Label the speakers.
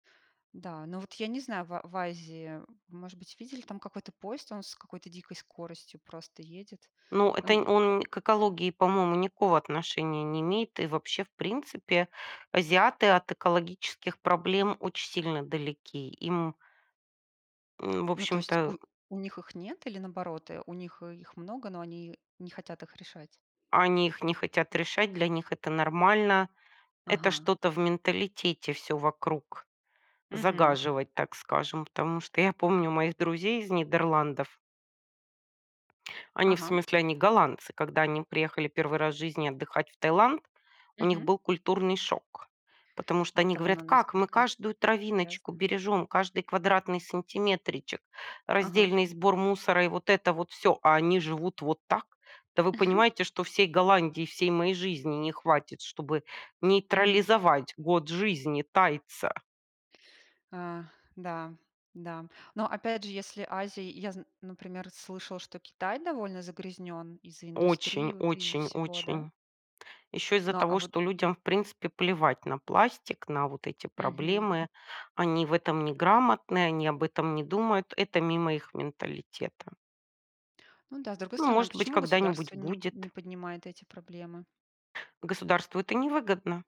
Speaker 1: Да, ну вот я не знаю, ва в Азии, может быть, видели там какой-то поезд, он с какой-то дикой скоростью просто едет,
Speaker 2: Ну,
Speaker 1: а,
Speaker 2: это
Speaker 1: ну
Speaker 2: нь он к экологии, по-моему, никакого отношения не имеет. И вообще, в принципе, азиаты от экологических проблем очень сильно далеки. Им в
Speaker 1: Ну, то есть
Speaker 2: общем-то, э
Speaker 1: у у них их нет или наоборот, э, у них, э, их много, но они не хотят их решать?
Speaker 2: Они их не хотят решать, для них это нормально. Это
Speaker 1: Ага.
Speaker 2: что-то в менталитете всё вокруг
Speaker 1: Мгм.
Speaker 2: загаживать, так скажем. Потому что я помню моих друзей из Нидерландов. Они, в
Speaker 1: Ага.
Speaker 2: смысле, они голландцы, когда они приехали 1 раз в жизни отдыхать в Таиланд, у них
Speaker 1: Мгм.
Speaker 2: был культурный шок. Потому что
Speaker 1: От
Speaker 2: они
Speaker 1: того,
Speaker 2: говорят:
Speaker 1: на
Speaker 2: "Как? Мы
Speaker 1: насколько
Speaker 2: каждую травиночку
Speaker 1: грязно.
Speaker 2: бережем, каждый квадратный сантиметричек,
Speaker 1: Ага.
Speaker 2: раздельный сбор мусора и вот это вот всё, а они живут вот так? Да вы понимаете, что всей Голландии, всей моей жизни не хватит, чтобы
Speaker 1: Мгм.
Speaker 2: нейтрализовать год жизни тайца".
Speaker 1: Ах, да, да. Но опять же, если Азия и я зн например, слышала, что Китай довольно загрязнён из-за индустрии
Speaker 2: Очень
Speaker 1: вот и из-за
Speaker 2: очень
Speaker 1: всего, да?
Speaker 2: очень. Еще из-за
Speaker 1: Но а
Speaker 2: того,
Speaker 1: вот
Speaker 2: что людям в принципе плевать на пластик, на вот эти
Speaker 1: Мгм.
Speaker 2: проблемы. Они в этом неграмотны, они об этом не думают. Это мимо их менталитета.
Speaker 1: Ну да, с другой
Speaker 2: Ну
Speaker 1: стороны, а
Speaker 2: может быть,
Speaker 1: почему государство
Speaker 2: когда-нибудь
Speaker 1: нип не
Speaker 2: будет.
Speaker 1: поднимает эти проблемы?
Speaker 2: Государству это невыгодно.